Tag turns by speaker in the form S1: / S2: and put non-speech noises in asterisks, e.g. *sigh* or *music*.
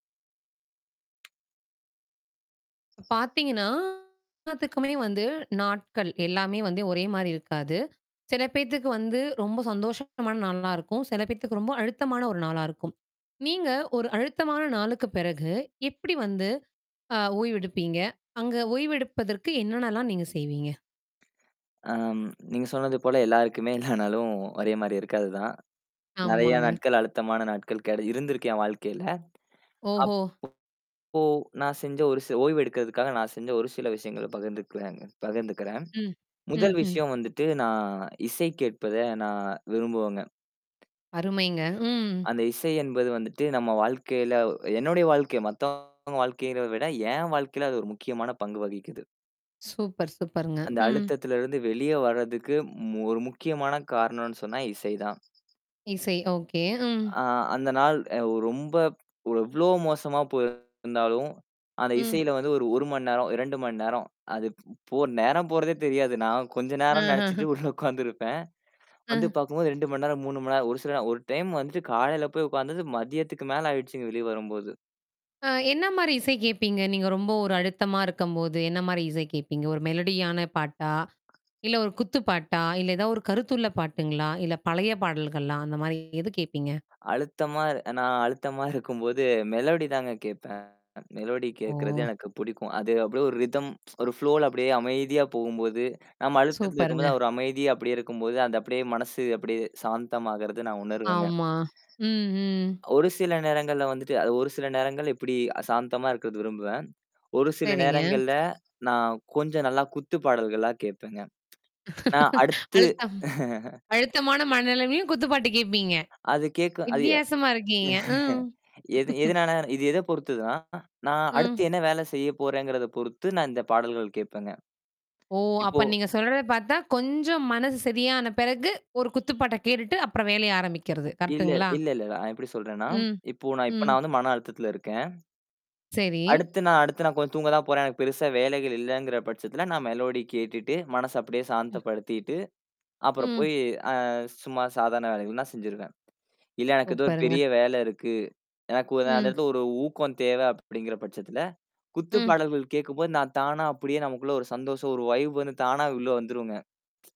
S1: பார்த்தீங்கன்னா, எல்லாத்துக்குமே வந்து நாட்கள் எல்லாமே வந்து ஒரே மாரி இருக்காது. சில பேத்துக்கு வந்து ரொம்ப சந்தோஷமான நாளா இருக்கும். சில பேத்துக்கு ரொம்ப அழுத்தமான ஒரு நாளா இருக்கும். நீங்க ஒரு அழுத்தமான நாளுக்கு பிறகு எப்படி வந்து ஆ ஓய்வெடுப்பீங்க? அங்க ஓய்வெடுப்பதற்கு என்னென்னலாம் நீங்க செய்வீங்க?
S2: ஆ. நீங்க சொன்னது போல எல்லாருக்குமே எல்லா நாளும் ஒரே மாரி இருக்கு அதுதான். நெறைய
S1: ஆமாங்க.
S2: நாட்கள் அழுத்தமான நாட்கள் கெட இருந்திருக்கு என் வாழ்க்கையில.
S1: ஓஹோ!
S2: அப்போ, நான் செஞ்ச ஒரு ச ஓய்வு எடுக்கிறதுக்காக நான் செஞ்ச ஒரு சில விஷயங்கள பகிர்ந்துக்கிறேங்க பகிர்ந்துக்கிறேன்.
S1: ம்.
S2: முதல்
S1: ம்ஹ்ம்.
S2: விஷயம் வந்துட்டு நான் இசைக் கேட்பத நான் விரும்புவேங்க.
S1: அருமைங்க. ம்.
S2: அந்த இசை என்பது வந்துட்டு நம்ம வாழ்க்கையில என்னுடைய வாழ்க்கை. மத்தவங்க வாழ்க்கைல விட என் வாழ்க்கையில அது ஒரு முக்கியமான பங்கு வகிக்குது.
S1: சூப்பர், சூப்பர்ங்க.
S2: அந்த
S1: ம்.
S2: அழுத்தத்தில இருந்து வெளியே வர்றதுக்கு ம் ஒரு முக்கியமான காரணம்னு சொன்னா இசை தான்.
S1: இசை ஓகே. ம்.
S2: ஆ அந்த நாள் அ ரொம்ப ப் எவ்ளோ மோசமா போயிருந்தாலும், அந்த
S1: ம்.
S2: இசையில வந்து ஒரு 1 மணி நேரம், 2 மணி நேரம். அது ப் போ நேரம் போறதே தெரியாது. நான் கொஞ்ச நேரம்
S1: அஹ்ம்.
S2: நெச்சுட்டு உள்ள உட்கார்ந்துருப்பேன். வந்து
S1: அ.
S2: பார்க்கும்போது 2 மணி நேரம், 3 மணி நேரம் ஒரு சில நேரம் ஒரு டைம் வந்துட்டு காலையில போய் உட்காந்தது மதியத்துக்கு மேல ஆயிடுச்சுங்க வெளிய வரும்போது.
S1: அ என்ன மாரி இசை கேட்பீங்க? நீங்க ரொம்ப ஒரு அழுத்தமா இருக்கும்போது, என்ன மாரி இசை கேட்பீங்க? ஒரு மெலடியான பாட்டா? இல்ல ஒரு குத்து பாட்டா? இல்ல ஏதாவது ஒரு கருத்துள்ள பாட்டுங்களா? இல்ல பழைய பாடல்கள்லா? அந்த மாரி எது கேப்பீங்க?
S2: அழுத்தமா நான் அழுத்தமா இருக்கும்போது மெலோடி தாங்க கேப்பேன். மெலோடி கேட்கறது
S1: ஓ!
S2: எனக்கு பிடிக்கும். அது அப்படியே ஒரு ரிதம் ஒரு ஃப்ளோல அப்படியே அமைதியா போகும்போது, நம்ம அழுத்தத்தில இருக்கும்போது
S1: சூப்பர்ங்க.
S2: அவ ஒரு அமைதிய அப்படியியே இருக்கும்போது, அந்த அப்படியே மனசு அப்படியே சாந்தமாகறது நான் உணர்வேங்க.
S1: ஆமா. ம், ம்.
S2: ஒரு சில நேரங்கள்ல வந்துட்டு அது ஒரு சில நேரங்கள் எப்படி சாந்தமா இருக்கிறது விரும்புவேன். ஒரு சில
S1: சரிங்க.
S2: நேரங்கள்ல நான் கொஞ்சம் நல்லா குத்து பாடல்களா கேட்பேங்க. நான் அடுத்து
S1: அழுத்தம் அழுத்தமான மனநிலைமையும் குத்துப்பாட்டு கேட்பீங்க.
S2: அது கேட்க அது ய
S1: வித்தியாசமா இருக்கீங்க. ம்.
S2: எது எதுனால? இது எத பொறுத்துதுன்னா, நான் அடுத்து
S1: ம்.
S2: என்ன வேலை செய்ய போறேங்கிறத பொறுத்து நான் இந்த பாடல்கள் கேட்பேங்க.
S1: ஓ!
S2: இப்போ
S1: அப்ப நீங்க சொல்றத பார்த்தா கொஞ்சம் மனசு சரியான பிறகு ஒரு குத்துப்பாட்ட கேட்டுட்டு அப்புறம் வேலைய ஆரம்பிக்கிறது.
S2: இல்ல,
S1: கரெக்ட்டுங்களா?
S2: இல்லல்ல. நான் எப்படி சொல்றேன்னா,
S1: ம்.
S2: இப்போ நான் இப்ப
S1: ம்.
S2: நான் வந்து மன அழுத்தத்தில இருக்கேன்.
S1: சரி.
S2: அடுத்து நான் அடுத்து நான் கொஞ்சம் தூங்க தான் போறேன். எனக்கு பெருசா வேலைகள் இல்லங்கிற பட்சத்தில நான் மெலோடி கேட்டுட்டு மனச அப்படியே
S1: ம்.
S2: சாந்தப்படுத்திட்டு. அப்புறம்
S1: ம்.
S2: போயி அ சும்மா சாதாரண வேலைகள் நான் செஞ்சுருவேன். இல்ல எனக்கு ஏதோ ஒரு
S1: சூப்பருங்க.
S2: பெரிய வேல இருக்கு. எனக்கு உ அந்த
S1: ம்.
S2: இடத்துல ஒரு ஊக்கம் தேவை அப்படிங்கிற பட்சத்துல, குத்து
S1: ம்.
S2: பாடல்கள் கேட்கும்போது, நான் தானா அப்படியே நமக்குள்ள ஒரு சந்தோஷம் ஒரு வைப் வந்து தானா உள்ள வந்துருங்க. *tsk*